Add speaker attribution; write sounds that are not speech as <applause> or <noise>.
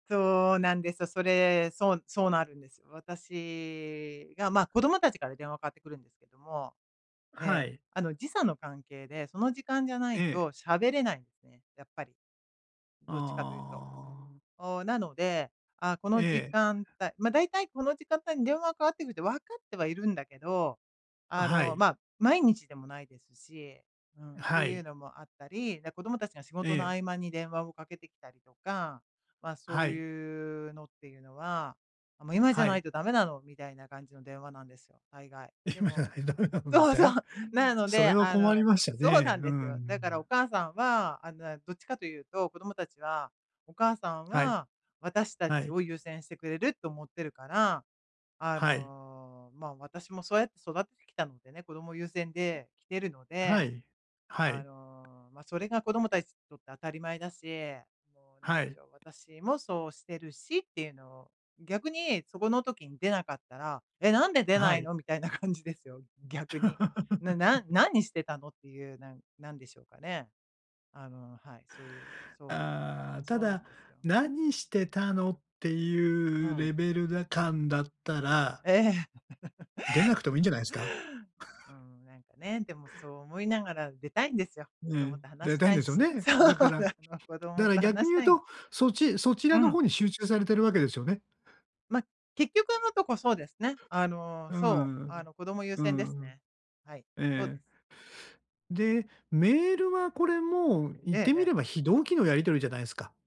Speaker 1: そうなんですよ。それ、そう、そうなるんですよ。私が、ま、子供たちから電話かかってくるんですけども、え
Speaker 2: は
Speaker 1: え、
Speaker 2: い。
Speaker 1: あの、時差の関係で、その時間じゃな
Speaker 2: え
Speaker 1: い
Speaker 2: え。
Speaker 1: と喋れないんですね、やっぱり。どっちかというと。
Speaker 2: ああ。
Speaker 1: おお、なので、ああ、この時
Speaker 2: ええ。
Speaker 1: 間帯ま、大体この時間帯に電話がかかってくるって分かってはいるんだけど、あ
Speaker 2: は
Speaker 1: の、
Speaker 2: い。
Speaker 1: まあ、毎日でもないですし、うん、
Speaker 2: は
Speaker 1: ていう
Speaker 2: い。
Speaker 1: のもあったり、で、子供たちが仕
Speaker 2: え
Speaker 1: 事の
Speaker 2: え。
Speaker 1: 合間に電話をかけてきたりとか、まあ、そ
Speaker 2: は
Speaker 1: う
Speaker 2: い。
Speaker 1: いうのっていうのは、も、今じゃ
Speaker 2: は
Speaker 1: ない
Speaker 2: い。
Speaker 1: と駄目なの、みたいな感じの電話なんですよ、大概。で
Speaker 2: 今じゃ
Speaker 1: も
Speaker 2: ないとダメなんで
Speaker 1: そ
Speaker 2: す
Speaker 1: うそう、
Speaker 2: ね。
Speaker 1: なの
Speaker 2: それ
Speaker 1: で、
Speaker 2: は
Speaker 1: あ
Speaker 2: 困り
Speaker 1: の
Speaker 2: ました
Speaker 1: そうな
Speaker 2: ね。
Speaker 1: ん
Speaker 2: うー
Speaker 1: ですよ。だからお
Speaker 2: ん。
Speaker 1: 母さんはあの、なんどっちかというと、子供たちは、お母さん
Speaker 2: はい。
Speaker 1: は、私た
Speaker 2: は
Speaker 1: ち
Speaker 2: い。
Speaker 1: を優先してくれると思ってるから、あ
Speaker 2: はい。
Speaker 1: の、まあ、私もそうやって育ててきたのでね、子供優先で来てるの
Speaker 2: は
Speaker 1: で、
Speaker 2: い、は
Speaker 1: あ
Speaker 2: い。
Speaker 1: の、ま、それが子供たちにとって当たり前だし、もう何
Speaker 2: は
Speaker 1: で
Speaker 2: い。
Speaker 1: しょう、私もそうしてるしっていうのを、逆にそこの時に出なかったら、「え、何で出
Speaker 2: は
Speaker 1: ない
Speaker 2: い。
Speaker 1: の？」みたいな感じですよ、逆に。なな
Speaker 2: <laughs>
Speaker 1: 何してたのっていう、なんなんでしょうかね。あの、はい、そういう、そう、
Speaker 2: ああ、た
Speaker 1: そうなん
Speaker 2: だ、
Speaker 1: ですよ。
Speaker 2: 何してたのって
Speaker 1: う
Speaker 2: いう
Speaker 1: ん。
Speaker 2: レベルら感だったら
Speaker 1: ええ。
Speaker 2: 出なくてもいいんじゃないんすか？
Speaker 1: <laughs> う
Speaker 2: <scoffs>
Speaker 1: ん、なんかね、でも、そう思いながら出たいんですよ。
Speaker 2: う
Speaker 1: 子供
Speaker 2: ん、
Speaker 1: と話
Speaker 2: 出
Speaker 1: し
Speaker 2: たい
Speaker 1: た
Speaker 2: ん
Speaker 1: い
Speaker 2: ですよ
Speaker 1: し。
Speaker 2: ね。
Speaker 1: そう
Speaker 2: だから
Speaker 1: なの、子
Speaker 2: だ
Speaker 1: 供
Speaker 2: から
Speaker 1: と
Speaker 2: 逆
Speaker 1: 話
Speaker 2: に
Speaker 1: し
Speaker 2: 言う
Speaker 1: たいの。
Speaker 2: と、そっちそち
Speaker 1: う
Speaker 2: らの
Speaker 1: ん。
Speaker 2: 方に集中されてるわけですよね。
Speaker 1: ま、結局のとこ、そうですね。あの、
Speaker 2: う
Speaker 1: そう、
Speaker 2: んう
Speaker 1: あ
Speaker 2: ん
Speaker 1: の、子供優
Speaker 2: う
Speaker 1: 先です
Speaker 2: ん、うんうん。
Speaker 1: ね。はい、
Speaker 2: え
Speaker 1: そうです。
Speaker 2: え。で、メールはこれも言っ
Speaker 1: ええ
Speaker 2: てみ
Speaker 1: ええ。
Speaker 2: れば非同期のやりとりじゃないですか。